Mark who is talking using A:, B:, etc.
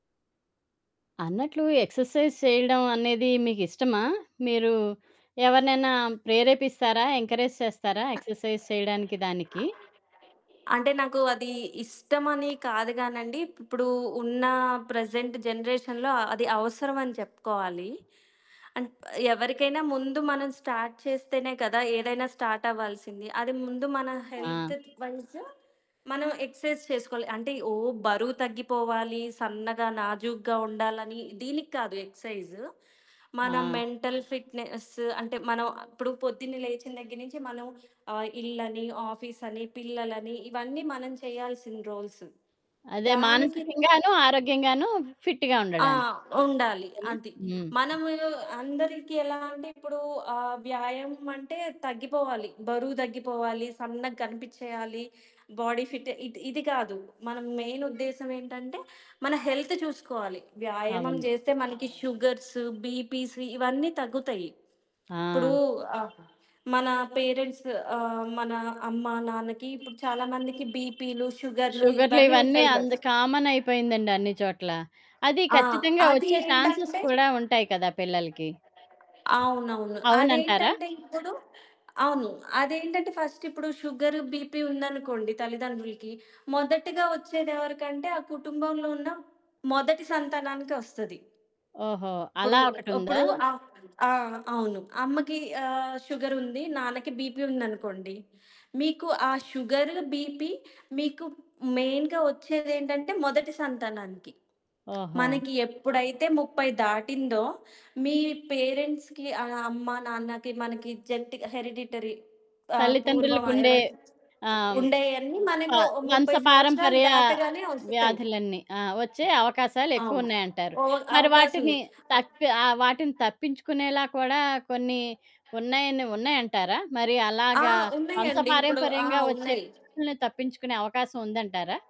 A: అన్నట్లు ఎక్సర్‌సైజ్ చెయడం అనేది మీకిష్టమా? మీరూ ఎవరినైనా ప్రేరేపిస్తారా, ఎంకరేజ్ చేస్తారా, ఎక్సర్‌సైజ్ చెయడానికి దానికి?
B: అంటే, నాకు అదీ ఇష్టమని కాదు గానండీ, ఇప్పుడూ ఉన్నా ప్రెజెంట్ జనరేషన్‌లో అ అది అవసరవని చెప్పుకోవాలీ. అన్ ఎవరికైనా ముందు మనం స్టార్ట్ చేస్తేనే కదా! ఏదైనా స్టార్టవ్వాల్సింది. అది ముందు మన
A: ఆ!
B: హెల్త్ ట్ వైజ్ మనం ఎక్సర్సైజ్ చేసుకోవాలి. అంటే, ఓ బరువు తగ్గిపోవాలి, సన్నగా, నాజూగ్గా ఉండాలనీ, దీనికి కాదు ఎక్సైజ్. మన
A: ఆ!
B: మెంటల్ ఫిట్‌నెస్ అంటే, మనం ఆహ్, ఇప్పుడు పొద్దున్నే లేచిన దగ్గర నుంచి మనం ఆహ్, ఇల్లని, ఆఫీసని పిల్లలని, ఇవన్నీ మనం చెయ్యాల్సిన రోల్స్.
A: అదే.
B: దానికి
A: మానసికంగాను, ఆరోగ్యంగాను ఫిట్టుగా
B: ఆ!
A: ఉండడానికి.
B: ఉండాలి.
A: అంతేనా?
B: అది.
A: హ్మ్.
B: మనము అందరికి ఎలా అంటే, ఇప్పుడూ ఆహ్, వ్యాయామమంటే తగ్గిపోవాలి. బరువు దగ్గిపోవాలి, సన్నగ గనిపిచ్చెయ్యాలి, బాడీ ఫిట్ ఇది ఇది గాదు. మన మెయినుద్దేశమేంటంటే, మన హెల్త్ చూసుకోవాలి. వ్యాయామం
A: అవును.
B: జేస్తే మనకు షుగర్స్, బీపీస్ ఇవన్నీ తగ్గుతయి. ఇప్పుడూ
A: ఆ!
B: ఆహ్, మనా పేరెంట్స్ ఆహ్, మన అమ్మ, నాన్నకి ఇప్పుడు చాలా మందికి బీపీలు, షుగర్లు ఇవన్నీ
A: షుగర్లివన్నీ
B: ఉంటాయి
A: అంద్
B: కదా!
A: కామనయిపోయిందండి అన్ని చోట్ల. అది
B: ఆ!
A: ఖచ్చితంగా
B: అది
A: ఒచ్చే ఛాన్సెస్
B: ఏంటంటే
A: కూడా ఉంటాయి కదా పిల్లలకి?
B: అవునవును.
A: అవునంటారా?
B: అదేంటంటే ఇప్పుడు అవును. అదేంటంటే, ఫస్టిప్పుడు షుగర్, బీపీ ఉందనుకోండి తల్లిదండ్రులుకి, మొదటగా ఒచ్చేదెవరకంటే, ఆ కుటుంబంలో ఉన్న మొదటి సంతానానికే ఒస్తది.
A: ఓహో! అలా
B: ఇప్పుడు,
A: ఒకటుందా?
B: అప్పుడు ఆ! ఆ! అవును. అమ్మకీ ఆహ్, షుగరుంది, నాన్నకి బీపీ ఉందనుకోండి, మీకు ఆ షుగర్, బీపీ మీకు మెయిన్‌గా ఒచ్చేదేంటంటే మొదటి సంతానానికి.
A: ఓహో!
B: మనకి ఎప్పుడైతే 30 దాటిందో, మీ పేరెంట్స్‌కి ఆహ్, అమ్మ, నాన్నకి మనకి జెంటిక హెరిడిటరీ ఆహ్, పూర్వం ఆహ్,
A: తల్లితండ్రులకుండే
B: ఎవరికి
A: ఆహ్, హ్మ్.
B: ఉండేయన్నీ
A: ఆ!
B: మనకొ ఓ 30 సంవత్సరాలు
A: వంశపారంపర్య
B: దాటగానే ఒస్తాయి.
A: వ్యాధులన్నీ, ఆ! ఒచ్చే
B: అవును.
A: అవకాశాలెక్కువున్నాయంటారు.
B: ఒ
A: మరి వాటిని
B: అవకాశముంది. ఆహ్
A: తప్పె ఆహ్, వాటిని తప్పించుకునేలా కూడా కొన్ని ఉన్నాయని ఉన్నాయంటారా? మరి
B: ఆ!
A: అలాగా
B: ఉన్నయ్యండీ ఇప్పుడు. ఆ!
A: వంశపారంపర్యంగా ఒచ్చే
B: ఉన్నాయి.
A: వ్యాధులని తప్పించుకునే అవకాశవుందంటారా?